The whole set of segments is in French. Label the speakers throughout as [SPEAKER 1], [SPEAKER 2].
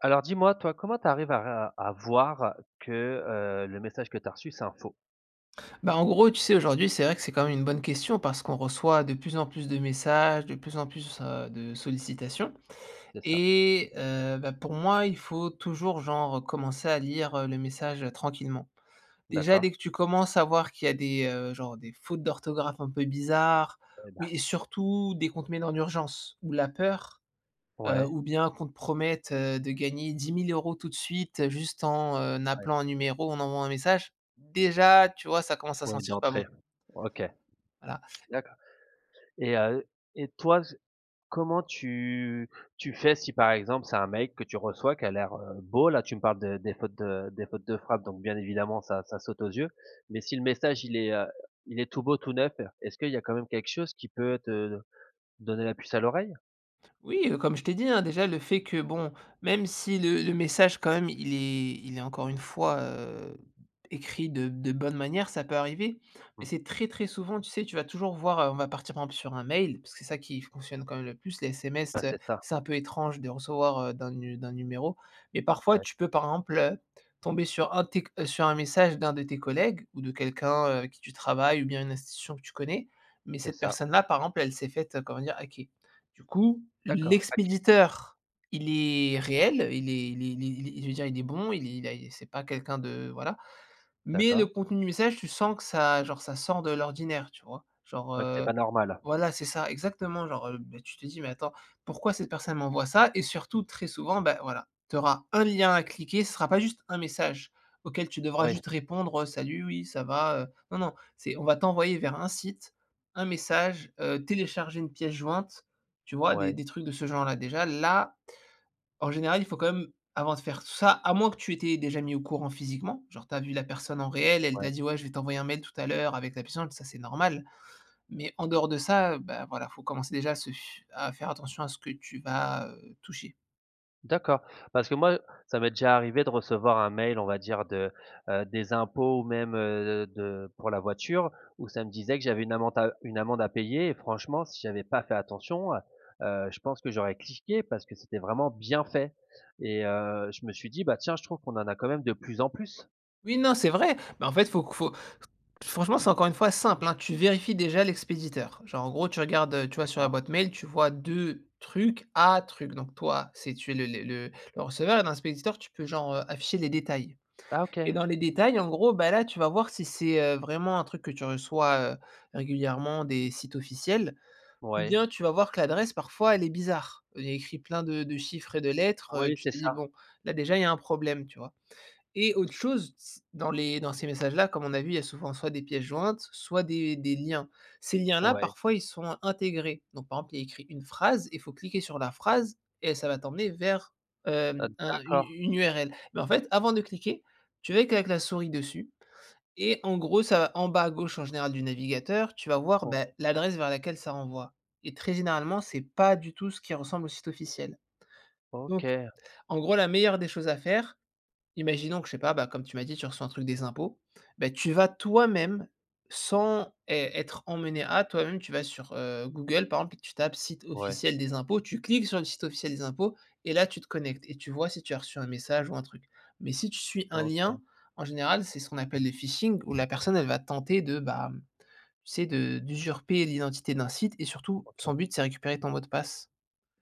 [SPEAKER 1] Alors dis-moi toi comment tu arrives à r à voir que, heu, le message que tu as reçu c'est un faux?
[SPEAKER 2] Ben en gros, tu sais, aujourd'hui c'est vrai que c'est quand même une bonne question, parce qu'on reçoit de plus en plus de messages, de plus en plus, heu, de sollicitations.
[SPEAKER 1] C'est ça.
[SPEAKER 2] Et heu, ben, pour moi, il faut toujours genre, heu, commencer à lire le message, heu, tranquillement. Déjà,
[SPEAKER 1] D'accord.
[SPEAKER 2] dès que tu commences à voir qu'il y a des, heu, genre des fautes d'orthographe un peu bizarres
[SPEAKER 1] Ouais, ben!
[SPEAKER 2] et et surtout des comptes mails en urgence ou la peur, heu,
[SPEAKER 1] Ouais.
[SPEAKER 2] ou bien qu'on te promette, heu, de gagner 10000 € tout de suite, juste en
[SPEAKER 1] Ouais.
[SPEAKER 2] appelant un numéro, en envoyant un message, déjà tu vois, ça commence à
[SPEAKER 1] Ouais
[SPEAKER 2] sentir pas bon.
[SPEAKER 1] d'entrée. OK.
[SPEAKER 2] Voilà.
[SPEAKER 1] D'accord. Et heu, et toi, comment tu tu fais si, par exemple, c'est un mail que tu reçois qui a l'air, heu, beau? Là tu me parles de des fautes de des fautes de frappe donc bien évidemment ça ça saute aux yeux, mais si le message il est, heu, il est tout beau tout neuf, est-ce qu'il y a quand même quelque chose qui peut te donner la puce à l'oreille?
[SPEAKER 2] Oui, comme je t'ai dit, hein, déjà le fait que bon, même si le le message quand même, il est il est, encore une fois, heu, écrit de de bonne manière, ça peut arriver. Mais
[SPEAKER 1] [unintelligible]
[SPEAKER 2] c'est très, très souvent tu sais, tu vas toujours voir, heu on va partir, par exemple, sur un mail, parce que c'est ça qui fonctionne quand même le plus. Les
[SPEAKER 1] Ben
[SPEAKER 2] SMS, heu,
[SPEAKER 1] c'est ça.
[SPEAKER 2] c'est un peu étrange de recevoir heu, d'un nu d'un numéro mais parfois
[SPEAKER 1] Ouais.
[SPEAKER 2] tu peux, par exemple heu, tomber sur un de tes, heu sur un message d'un de tes collègues ou de quelqu'un, heu, avec qui tu travailles ou bien une institution que tu connais. Mais
[SPEAKER 1] C'est
[SPEAKER 2] cette
[SPEAKER 1] ça.
[SPEAKER 2] personne-là, par exemple, elle s'est faite, heu, comment dire? Hacker. Du coup,
[SPEAKER 1] D'accord, hacker.
[SPEAKER 2] l'expéditeur il est réel, heu, il est il est il est il est je veux dire, il est bon il est il a c'est pas quelqu'un de, voilà, mais le
[SPEAKER 1] D'accord.
[SPEAKER 2] contenu du message tu sens que ça, genre ça sort de l'ordinaire, tu vois? Genre,
[SPEAKER 1] C'est vrai que c'est
[SPEAKER 2] heu,
[SPEAKER 1] pas normal.
[SPEAKER 2] voilà, c'est ça, exactement genre, heu, ben tu te dis: «Mais attends pourquoi cette personne m'envoie ça?» et surtout, très souvent ben voilà, tu auras un lien à cliquer, ce sera pas juste un message, auquel tu devras
[SPEAKER 1] Oui.
[SPEAKER 2] juste répondre, heu: «Salut, oui ça va?» heu, non, non c'est, on va t'envoyer vers un site, un message, heu, télécharger une pièce-jointe, tu vois? Des
[SPEAKER 1] Ouais.
[SPEAKER 2] des trucs de ce genre-là. Déjà là, en général, il faut quand même, avant de faire tout ça, à moins que tu étais déjà mis au courant physiquement, genre tu as vu la personne en réel, elle t'a
[SPEAKER 1] Ouais.
[SPEAKER 2] dit: «Ouais, je vais t'envoyer un mail tout à l'heure avec la pièce jointe», ça c'est normal. Mais en dehors de ça, heu, ben voilà, faut commencer déjà à se f à faire attention à ce que tu vas, heu, toucher.
[SPEAKER 1] D'accord parce que moi, heu, ça m'est déjà arrivé de recevoir un mail on va dire de, heu, des impôts ou même, heu, d de pour la voiture où ça me disait que j'avais une amande à, heu, une amende à payer et franchement si j'avais pas fait attention, heu, heu, je pense que j'aurais cliqué parce que c'était vraiment bien fait. Et, heu, je me suis dit: «Bah tiens je trouve qu'on en a quand même de plus en plus».
[SPEAKER 2] Oui, non, c'est vrai, bah, en fait faut q faut qu franchement c'est encore une fois simple, hein. Tu vérifies déjà l'expéditeur, genre en gros tu regardes, heu, tu vois, sur la
[SPEAKER 1] D'accord.
[SPEAKER 2] boîte mail tu vois? De trucs à truc. Donc toi si tu es le le le receveur et dans l'expéditeur tu peux genre, heu, afficher les détails.
[SPEAKER 1] Ah OK!
[SPEAKER 2] Et dans les détails en gros, bah, là tu vas voir si c'est, heu, vraiment un truc que tu reçois, heu, régulièrement des sites officiels, ou
[SPEAKER 1] Ouais.
[SPEAKER 2] bien tu vas voir que l'adresse parfois elle est bizarre. Heu, il y a écrit plein de de chiffres et de lettres, heu,
[SPEAKER 1] Oui,
[SPEAKER 2] tu
[SPEAKER 1] c'est
[SPEAKER 2] te dis:
[SPEAKER 1] ça.
[SPEAKER 2] «Bon, là déjà il y a un problème», tu vois? Et autre chose s dans les dans ces messages là comme on a vu il y a souvent soit des pièces jointes, soit des des liens. Ces liens là
[SPEAKER 1] Ouais.
[SPEAKER 2] parfois ils sont intégrés, donc par exemple il y a écrit une phrase, il faut cliquer sur la phrase, et ça va t'emmener vers,
[SPEAKER 1] Heu,
[SPEAKER 2] hem, un une
[SPEAKER 1] d'accord.
[SPEAKER 2] une url. Mais en fait avant de cliquer, tu vas que avec la souris dessus et en gros ça va en bas à gauche en général du navigateur tu vas voir, beh,
[SPEAKER 1] Ouais.
[SPEAKER 2] l'adresse vers laquelle ça renvoie. Et très généralement c'est pas du tout ce qui ressemble au site officiel. Donc,
[SPEAKER 1] OK.
[SPEAKER 2] en gros la meilleure des choses à faire imaginons que je sais, bah, pas comme tu m'as dit tu reçois un truc des impôts, bah, tu vas toi-même sans ê être emmené à, toi-même tu vas sur, heu, Google par exemple et tu tapes «site
[SPEAKER 1] Ouais.
[SPEAKER 2] officiel des impôts», tu cliques sur le site officiel des impôts et là tu te connectes, et tu vois si tu as reçu un message ou un truc. Mais si tu suis un
[SPEAKER 1] OK.
[SPEAKER 2] lien, en général c'est ce qu'on appelle le phishing où la personne elle va tenter de, bah, tu sais? De d'usurper l'identité d'un site et surtout
[SPEAKER 1] OK.
[SPEAKER 2] son but, c'est récupérer ton mot de passe.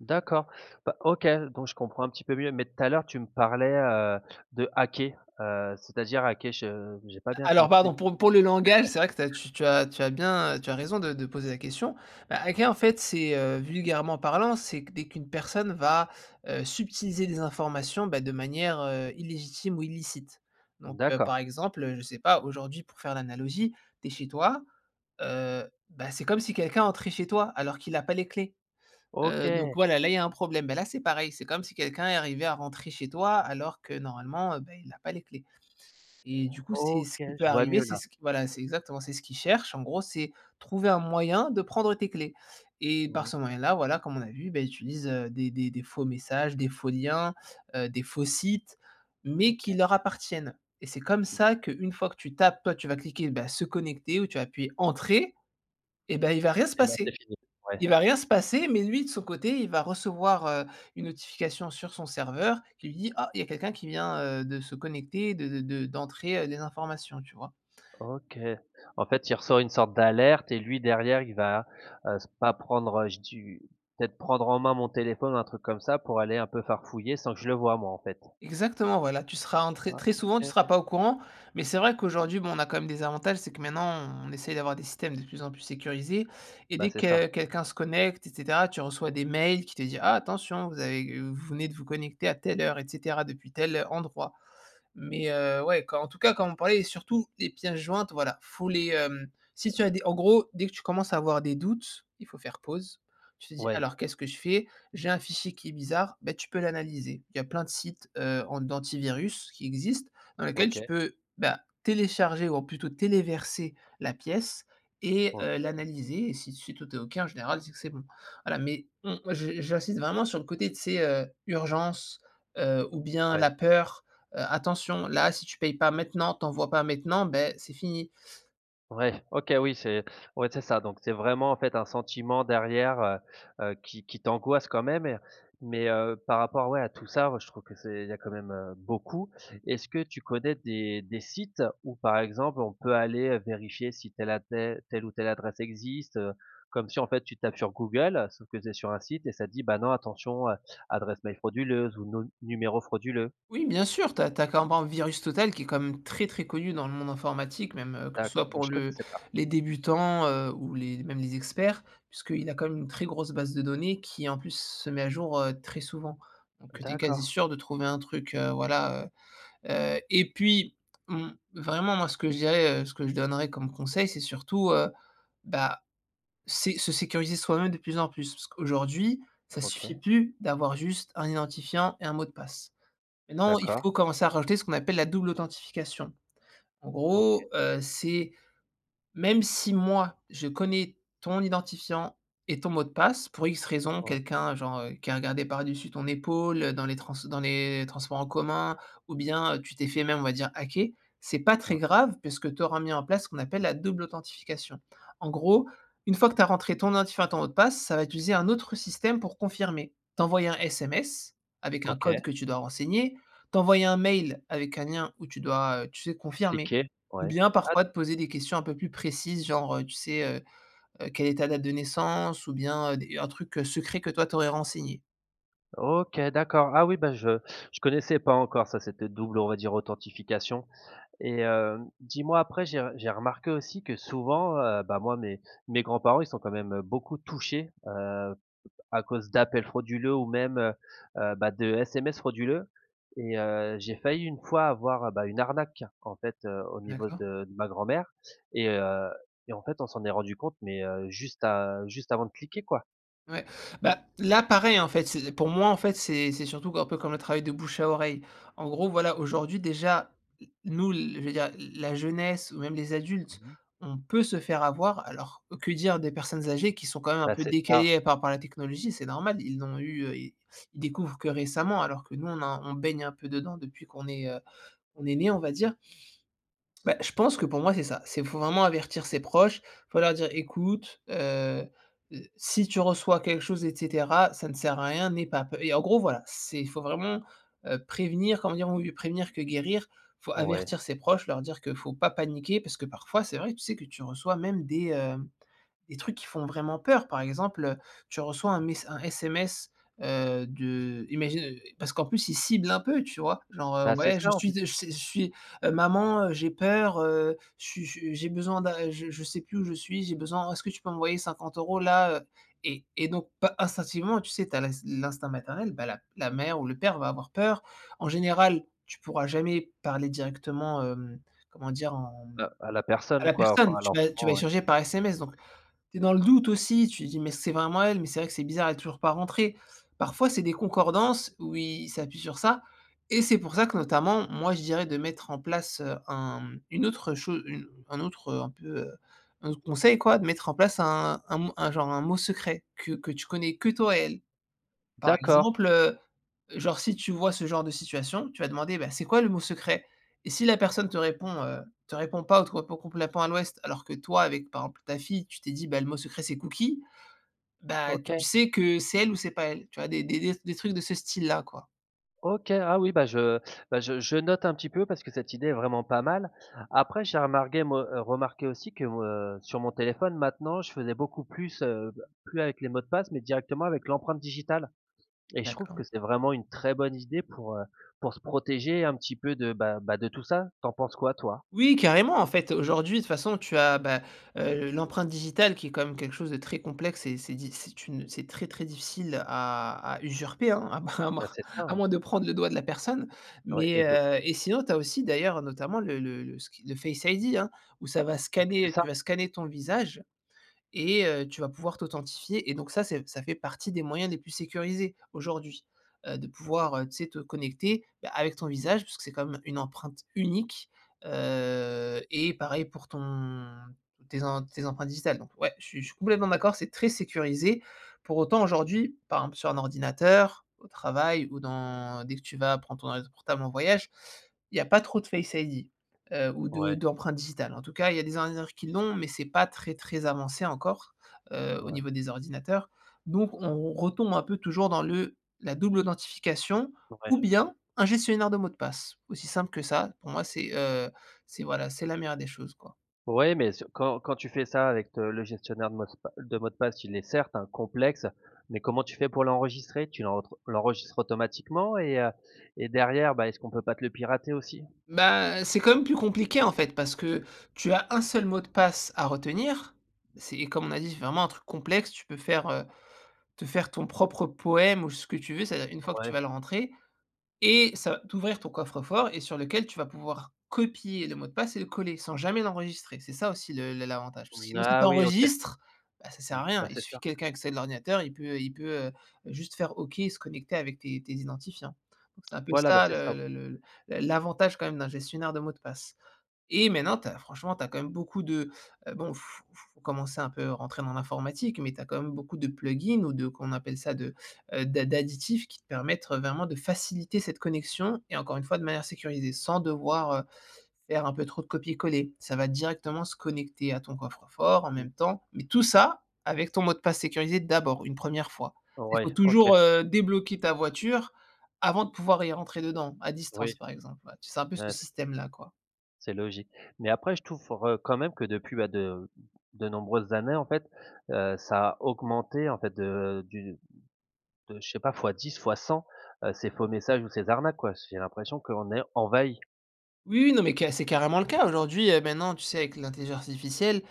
[SPEAKER 1] D'accord. Bah, OK, donc je comprends un petit peu mieux, mais tout à l'heure tu me parlais, heu, de hacker, heu, c'est-à-dire, hacker? Je j'ai pas bien
[SPEAKER 2] Alors
[SPEAKER 1] compris.
[SPEAKER 2] pardon pour pour le langage, c'est vrai que tu as tu as tu as bien, heu, tu as raison de de poser la question. Bah, hacker en fait c'est, heu, vulgairement parlant, c'est que dès qu'une personne va, heu, subtiliser des informations, bah, de manière, heu, illégitime ou illicite. Donc, heu, par
[SPEAKER 1] D'accord.
[SPEAKER 2] exemple, heu, je sais pas aujourd'hui pour faire l'analogie, tu es chez toi, heu, bah, c'est comme si quelqu'un entrait chez toi alors qu'il a pas les clés. Heu, donc
[SPEAKER 1] OK.
[SPEAKER 2] voilà, là il y a un problème, bah, là c'est pareil, c'est comme si quelqu'un est arrivé à rentrer chez toi alors que normalement, heu, bah, il a pas les clés. Et du coup c'est
[SPEAKER 1] OK,
[SPEAKER 2] ce qui peut
[SPEAKER 1] je vois
[SPEAKER 2] arriver
[SPEAKER 1] mieux
[SPEAKER 2] c'est
[SPEAKER 1] là.
[SPEAKER 2] ce que voilà c'est exactement c'est ce qu'il cherche en gros c'est trouver un moyen de prendre tes clés. Et par
[SPEAKER 1] Mmh.
[SPEAKER 2] ce moyen là voilà comme on a vu, bah, il utilise, heu, des des des faux messages, des faux liens, heu, des faux sites mais qui
[SPEAKER 1] OK.
[SPEAKER 2] leur appartiennent et c'est comme ça qu'une fois que tu tapes toi tu vas cliquer, bah, «se connecter» ou tu vas appuyer «entrer» et ben, il va rien se
[SPEAKER 1] Et là c'est
[SPEAKER 2] passer.
[SPEAKER 1] fini. Ouais.
[SPEAKER 2] Il va rien se passer, mais lui de son côté il va recevoir, heu, une notification sur son serveur qui lui dit: «Ah! Il y a quelqu'un qui vient, heu, de se connecter et de de de d'entrer, heu, les informations», tu vois?
[SPEAKER 1] OK. En fait il ressort une sorte d'alerte et lui derrière il va, heu, se pas prendre, heu, je du peut-être prendre en main mon téléphone ou un truc comme ça pour aller un peu farfouiller sans que je le vois moi, en fait?
[SPEAKER 2] Exactement voilà, tu seras en très
[SPEAKER 1] Ah
[SPEAKER 2] très souvent tu seras
[SPEAKER 1] OK.
[SPEAKER 2] pas au courant, mais c'est vrai qu'aujourd'hui bon on a quand même des avantages, c'est que maintenant on essaye d'avoir des systèmes de plus en plus sécurisés, et
[SPEAKER 1] Bah
[SPEAKER 2] dès
[SPEAKER 1] c'est
[SPEAKER 2] que
[SPEAKER 1] ça.
[SPEAKER 2] quelqu'un se connecte et cetera tu reçois des mails qui te dit: «Ah! Attention vous avez, heu, vous venez de vous connecter à telle heure, et cetera, depuis tel, heu, endroit» mais, heu, ouais quand en tout cas comme on parlait surtout les pièces jointes voilà faut les, hem, si tu as des en gros dès que tu commences à avoir des doutes, il faut faire pause, tu te dis:
[SPEAKER 1] Ouais.
[SPEAKER 2] «Alors qu'est-ce que je fais? J'ai un fichier qui est bizarre», ben tu peux l'analyser. Il y a plein de sites, heu, an d'antivirus qui existent dans lesquels tu
[SPEAKER 1] OK.
[SPEAKER 2] peux, bah, télécharger ou plutôt téléverser la pièce et heu,
[SPEAKER 1] OK.
[SPEAKER 2] l'analyser et si si tout est OK en général c'est que c'est bon. Voilà, mais on moi j'in j'insiste vraiment sur le côté tu sais, heu, urgence, heu, ou bien
[SPEAKER 1] Ouais.
[SPEAKER 2] la peur, heu, «attention là si tu payes pas maintenant tu envois pas maintenant, ben, c'est fini».
[SPEAKER 1] Ouais. OK, oui c'est ouais c'est ça, donc c'est vraiment en fait un sentiment derrière, heu, heu, qui qui t'angoisse quand même et, heu, mais, heu, par rapport ouais à tout ça moi je trouve que c'est il y a quand même, heu, beaucoup. Est-ce que tu connais des des sites où par exemple on peut aller, heu, vérifier si telle à tel telle ou telle adresse existe, heu? Comme si en fait tu tapes sur Google, sauf que tu es sur un site et ça dit: «Bah non attention, heu, adresse mail frauduleuse ou num numéro frauduleux».
[SPEAKER 2] Oui bien sûr, tu as tu as [unintelligible] Virus Total qui est quand même très très connu dans le monde informatique, même, heu, que ce
[SPEAKER 1] D'accord,
[SPEAKER 2] soit
[SPEAKER 1] bah,
[SPEAKER 2] pour
[SPEAKER 1] je
[SPEAKER 2] le
[SPEAKER 1] connaissais pas.
[SPEAKER 2] les débutants, heu, ou les mêmes les experts, puisqu'il a quand même une très grosse base de données, qui en plus se met à jour, heu, très souvent. Donc, heu, tu es quasi
[SPEAKER 1] D'accord.
[SPEAKER 2] sûr de trouver un truc, heu, voilà, heu, heu. Et puis, mmh, vraiment moi ce que je dirais, heu, ce que je donnerais comme conseil c'est surtout, heu, bah, c'est se sécuriser soi-même de plus en plus. Parce qu'aujourd'hui ça suffit
[SPEAKER 1] OK.
[SPEAKER 2] plus d'avoir juste un identifiant et un mot de passe. Maintenant il
[SPEAKER 1] D'accord.
[SPEAKER 2] faut commencer à rajouter ce qu'on appelle la double authentification. En
[SPEAKER 1] OK.
[SPEAKER 2] gros, heu, c'est, même si moi je connais ton identifiant et ton mot de passe pour X raisons,
[SPEAKER 1] [unintelligible]
[SPEAKER 2] quelqu'un genre, heu, qui a regardé par dessus ton épaule, heu, dans les trans dans les transports en commun, ou bien tu t'es fait même on va dire hacker, c'est pas très
[SPEAKER 1] Ouais.
[SPEAKER 2] grave puisque tu auras mis en place ce qu'on appelle la double authentification. En gros, une fois que tu as rentré ton identifiant, ton mot de passe, ça va utiliser un autre système pour confirmer, t'envoyer un SMS, avec un
[SPEAKER 1] OK.
[SPEAKER 2] code que tu dois renseigner, t'envoyer un mail avec un lien où tu dois, heu, tu sais, confirmer.
[SPEAKER 1] Cliquez,
[SPEAKER 2] Ou
[SPEAKER 1] ouais.
[SPEAKER 2] bien
[SPEAKER 1] Ah
[SPEAKER 2] parfois te
[SPEAKER 1] d'accord.
[SPEAKER 2] poser des questions un peu plus précises genre, heu, tu sais, heu, heu, quelle est ta date de naissance ou bien, heu, des un truc, heu, secret que toi tu aurais renseigné.
[SPEAKER 1] OK, d'accord, ah oui bah je je connaissais pas encore ça, cette double, on va dire authentification. Et heu, dis moi après j'ai j'ai remarqué aussi que souvent heu, bah moi mes mes grands-parents ils sont quand même beaucoup touchés, heu, à cause d'appels frauduleux ou même, heu, heu, bah, de SMS frauduleux. Et heu, j'ai failli une fois avoir, heu, bah, une arnaque en fait, heu, au niveau
[SPEAKER 2] D'accord.
[SPEAKER 1] de de ma grand-mère et heu et en fait on s'en est rendu compte mais, heu, juste a juste avant de cliquer quoi.
[SPEAKER 2] Ouais, bah, là pareil en fait c'est pour moi en fait c'est c'est surtout que, un peu comme le travail de bouche à oreille. En gros, voilà aujourd'hui, déjà n nous, l l la jeunesse ou même les
[SPEAKER 1] Mmh
[SPEAKER 2] adultes
[SPEAKER 1] mh.
[SPEAKER 2] on peut se faire avoir, alors que dire des personnes âgées qui sont quand même un
[SPEAKER 1] Bah
[SPEAKER 2] peu
[SPEAKER 1] c'est ça.
[SPEAKER 2] décalées, heu, par rapport à la technologie? C'est normal ils n'ont eu, heu, ils ils découvrent que récemment alors que nous on a, on baigne un peu dedans depuis qu'on est, heu, qu'on est né on va dire. Bah je pense que pour moi c'est ça, c'est, faut vraiment avertir ses proches. Faut leur dire: «Ecoute, heu, heu, si tu reçois quelque chose et cetera, ça ne sert à rien, n'aie pas p» et en gros voilà, c'est, il faut vraiment, heu, prévenir. Comme on dit, mieux vaut prévenir que guérir, faut
[SPEAKER 1] Ouais.
[SPEAKER 2] avertir ses proches leur dire que faut pas paniquer parce que parfois c'est vrai, tu sais que tu reçois même des, hem, des trucs qui font vraiment peur par exemple, heu, tu reçois un mess un SMS, heu, de imagine, heu, parce qu'en plus ils ciblent un peu tu vois? Genre, heu:
[SPEAKER 1] Bah c'est
[SPEAKER 2] «Ouais je
[SPEAKER 1] ça en
[SPEAKER 2] suis
[SPEAKER 1] fait.
[SPEAKER 2] je je suis heu, maman, heu, j'ai peur, heu, je suis je suis, j'ai besoin d'a je je sais plus où je suis, j'ai besoin, est-ce que tu peux m'envoyer 50 euros là heu?» et et donc par, instinctivement tu sais, tu as l'ins l'instinct maternel, bah, la la mère ou le père va avoir peur. En général, tu pourras jamais parler directement hem, comment dire en mmh,
[SPEAKER 1] À à la
[SPEAKER 2] à
[SPEAKER 1] personne
[SPEAKER 2] la
[SPEAKER 1] quoi, enfin
[SPEAKER 2] personne
[SPEAKER 1] à
[SPEAKER 2] tu vas tu vas
[SPEAKER 1] l'enfant, ouais.
[SPEAKER 2] échanger par SMS, donc, tu es dans le doute aussi, tu dis: «Mais c'est vraiment elle? Mais c'est vrai que c'est bizarre, elle est toujours pas rentrée». Parfois c'est des concordances où ils s'appuient sur ça et c'est pour ça que notamment, moi je dirais de mettre en place, heu, un une autre chose, heu, un autre, heu, un peu, heu, un autre conseil quoi, de mettre en place un un un genre un mot secret que que tu connais que toi et elle. Par
[SPEAKER 1] D'accord!
[SPEAKER 2] exemple, heu, genre si tu vois ce genre de situation, tu vas demander: «Beh c'est quoi le mot secret?» et si la personne te répond heu, te répond pas ou te répond complètement à l'ouest alors que toi avec, par exemple ta fille, tu t'es dit, bah, le mot secret c'est cookie, bah tu
[SPEAKER 1] OK!
[SPEAKER 2] sais que c'est elle ou c'est pas elle. Tu vois des des t des trucs de ce style-là quoi.
[SPEAKER 1] OK. Ah oui, bah je, bah, je je note un petit peu, parce que cette idée est vraiment pas mal. Après j'ai remarqué, moi heu, remarqué aussi que, heu, sur mon téléphone, maintenant, je faisais beaucoup plus, heu, plus avec les mots de passe mais directement avec l'empreinte digitale. Et je trouve que
[SPEAKER 2] D'accord.
[SPEAKER 1] c'est vraiment une très bonne idée pour, heu, pour se protéger un petit peu de, bah bah, de tout ça. Tu en penses quoi, toi?
[SPEAKER 2] Oui, carrément. En fait, aujourd'hui de toute façon, tu as, bah, heu, l'empreinte digitale, qui est quand même quelque chose de très complexe et c'est diff c'est une c'est très, très difficile, à à usurper, hein? À moins à
[SPEAKER 1] Bah,
[SPEAKER 2] moins
[SPEAKER 1] c'est ça.
[SPEAKER 2] à
[SPEAKER 1] hein?
[SPEAKER 2] moins de prendre le doigt de la personne.
[SPEAKER 1] Ouais et
[SPEAKER 2] Mais,
[SPEAKER 1] de le
[SPEAKER 2] heu et sinon tu as aussi, d'ailleurs, notamment, le le le le le ski le Face ID hein, où ça va
[SPEAKER 1] Oui, c'est
[SPEAKER 2] scanner tu
[SPEAKER 1] ça.
[SPEAKER 2] vas scanner ton visage et heu, tu vas pouvoir t'authentifier. Et donc, ça c'est ça fait partie des moyens les plus sécurisés, aujourd'hui, heu, de
[SPEAKER 1] Ouais.
[SPEAKER 2] pouvoir, heu, tu sais, te connecter, bah, avec ton visage puisque c'est quand même une empreinte unique. Heu, et pareil, pour ton tes em tes empreintes digitales. Donc, ouais! Je suis je suis complètement d'accord, c'est très sécurisé. Pour autant, aujourd'hui, par exemple sur un ordinateur, au travail ou dans dès que tu vas prendre ton ordi portable en voyage, il y a pas trop de Face ID. Heu, ou de
[SPEAKER 1] Ouais.
[SPEAKER 2] d'empreinte digitale. En tout cas, il y a des ordinateurs qui l'ont, mais, c'est pas très, très avancé encore, heu, au
[SPEAKER 1] Ouais.
[SPEAKER 2] niveau des ordinateurs. Donc, on retombe un peu toujours dans le la double authentification,
[SPEAKER 1] Ouais.
[SPEAKER 2] ou bien, un gestionnaire de mots de passe, aussi simple que ça, pour moi c'est, heu, c'est, voilà, c'est la meilleure des choses, quoi.
[SPEAKER 1] Ouais, mais ce quand quand tu fais ça avec t le gestionnaire de mocepa de mots de passe, il est, certes, hein, complexe, mais comment tu fais pour l'enregistrer? Tu l'enre l'enregistres automatiquement et heu et derrière, bah, est-ce qu'on peut pas te le pirater aussi?
[SPEAKER 2] Ben, c'est quand même plus compliqué, en fait. Parce que tu as un seul mot de passe à retenir. C'est et comme on a dit, c'est vraiment un truc complexe. Tu peux faire heu, te faire ton propre poème ou ce que tu veux, c'est-à-dire une fois que tu
[SPEAKER 1] Ouais.
[SPEAKER 2] vas le rentrer et ça va t'ouvrir ton coffre-fort et sur lequel tu vas pouvoir copier le mot de passe et le coller, sans jamais l'enregistrer. C'est ça aussi le le l'avantage. Parce que, sinon, si tu
[SPEAKER 1] Ah oui! OK.
[SPEAKER 2] enregistres, bah, ça sert
[SPEAKER 1] Mmh,
[SPEAKER 2] à rien.
[SPEAKER 1] bah,
[SPEAKER 2] Il
[SPEAKER 1] c'est
[SPEAKER 2] suffit
[SPEAKER 1] ça.
[SPEAKER 2] que quelqu'un accède l'ordinateur, il peut il peut, heu, juste faire OK et se connecter avec tes tes identifiants. Donc, c'est un peu
[SPEAKER 1] Voilà, bah,
[SPEAKER 2] ça,
[SPEAKER 1] c'est ça, ouais.
[SPEAKER 2] le le le l'avantage, quand même, d'un gestionnaire de mots de passe. Et maintenant, tu as, franchement, tu as quand même beaucoup de bon f f faut commencer un peu, rentrer dans l'informatique mais tu as quand même beaucoup de plugins ou de, comment on appelle ça? De, heu, de d'additifs qui te permettre vraiment de faciliter cette connexion et encore une fois, de manière sécurisée, sans devoir, heu, faire un peu trop de copier-coller. Ça va directement se connecter à ton coffre-fort, en même temps, mais tout ça avec ton mot de passe sécurisé, d'abord, une 1re fois. Il faut
[SPEAKER 1] Ouais, OK.
[SPEAKER 2] toujours, heu, débloquer ta voiture, avant de pouvoir y rentrer dedans, à
[SPEAKER 1] Oui.
[SPEAKER 2] distance, par exemple, ouais. Tu c'est un peu ce
[SPEAKER 1] Ah, c'est
[SPEAKER 2] système-là, quoi.
[SPEAKER 1] c'est logique. Mais, après, je trouve, heu, quand même, que depuis, bah, de de nombreuses années, en fait, heu, ça a augmenté, en fait, de du de je sais pas, fois 10, fois 100, heu, ces faux messages, ou ces arnaques, quoi. J'ai l'impression qu'on est envahis.
[SPEAKER 2] Oui, non, mais, ca c'est carrément le cas. Aujourd'hui, heu, maintenant tu sais avec l'intelligence artificielle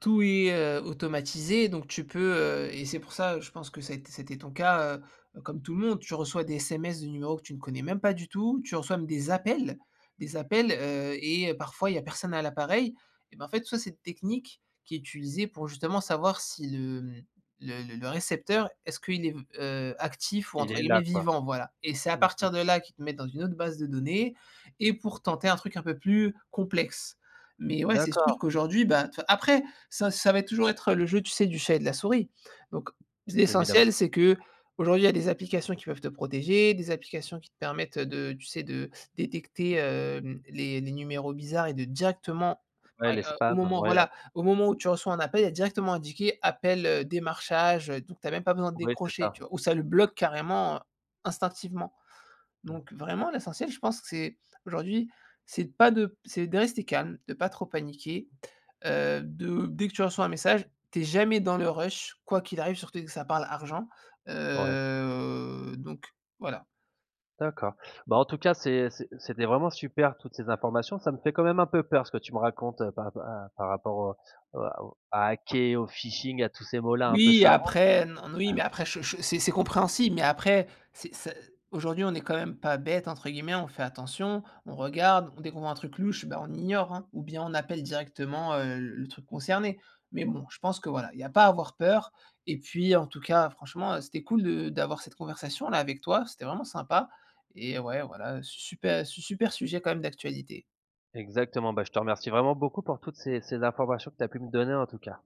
[SPEAKER 2] tout est, heu, automatisé. Donc, tu peux, heu- et c'est pour ça, heu, je pense que ça ét ça a été ton cas- heu, comme tout le monde, tu reçois des SMS de numéros que tu ne connais même pas du tout. Tu reçois même, des appels des appels, heu et parfois il y a personne à l'appareil. Et ben, en fait, tout ça, c'est une technique qui est utilisée pour, justement, savoir si le, hem, le le -le récepteur, est-ce qu'il est v heu, actif ou
[SPEAKER 1] Il
[SPEAKER 2] entre
[SPEAKER 1] est
[SPEAKER 2] guillemets
[SPEAKER 1] là, quoi.
[SPEAKER 2] «vivant», voilà. Et c'est à
[SPEAKER 1] Mmh mh.
[SPEAKER 2] partir de là qu'ils te mettent dans une autre base de données et pour tenter un truc un peu plus complexe. Mais, ouais, c'est sûr
[SPEAKER 1] D'accord.
[SPEAKER 2] qu'aujourd'hui, ben, de toute fa après ça ça va être toujours être le jeu, tu sais, du chat et de la souris. Donc,
[SPEAKER 1] Évidemment.
[SPEAKER 2] l'essentiel, c'est, qu'aujourd'hui, il y a des applications qui peuvent te protéger, des applications qui te permettent de, tu sais, de détecter, hem, les les numéros bizarres et de directement,
[SPEAKER 1] Ouais, les
[SPEAKER 2] au
[SPEAKER 1] spams,
[SPEAKER 2] moment,
[SPEAKER 1] ouais, ouais.
[SPEAKER 2] voilà, au moment où tu reçois un appel, il y a directement indiqué appel, heu, démarchage, heu, donc tu as même pas besoin de
[SPEAKER 1] Ouais, c'est
[SPEAKER 2] décrocher,
[SPEAKER 1] ça.
[SPEAKER 2] tu vois? Ou ça le bloque carrément, heu, instinctivement.
[SPEAKER 1] [unintelligible]
[SPEAKER 2] Donc, vraiment, l'essentiel, je pense que c'est, aujourd'hui, c'est de pas de c'est de rester calme, de pas trop paniquer, heu, de, dès que tu reçois un message, tu es jamais dans le rush, quoi qu'il arrive, surtout, dès que ça parle argent,
[SPEAKER 1] Ouais.
[SPEAKER 2] heu, donc, voilà.
[SPEAKER 1] D'accord. Bah, en tout cas c'est c'est c'était vraiment super toutes ces informations. Ça me fait quand même un peu peur ce que tu me racontes pa pa par rapport aux à aux à hacker, au phishing, à tous ces mots-là un peu
[SPEAKER 2] Oui,
[SPEAKER 1] savants.
[SPEAKER 2] après, non, mais, oui.
[SPEAKER 1] Ouais.
[SPEAKER 2] Mais après che che c'est c'est compréhensible. Mais, après, c'est c aujourd'hui, on est quand même pas «bête» entre guillemets. On fait attention. On regarde, dès qu'on voit un truc louche, ben, on ignore, hein, ou bien on appelle directement, heu, l le truc concerné. Mais bon, je pense que voilà, il y a pas à avoir peur. Et puis, en tout cas franchement, heu, c'était cool de d'avoir cette conversation-là, avec toi. C'était vraiment sympa! Et ouais, voilà, su super su super sujet, quand même d'actualité.
[SPEAKER 1] Exactement. Ben, je te remercie vraiment beaucoup pour toutes ces ces informations que tu as pu me donner en tout cas.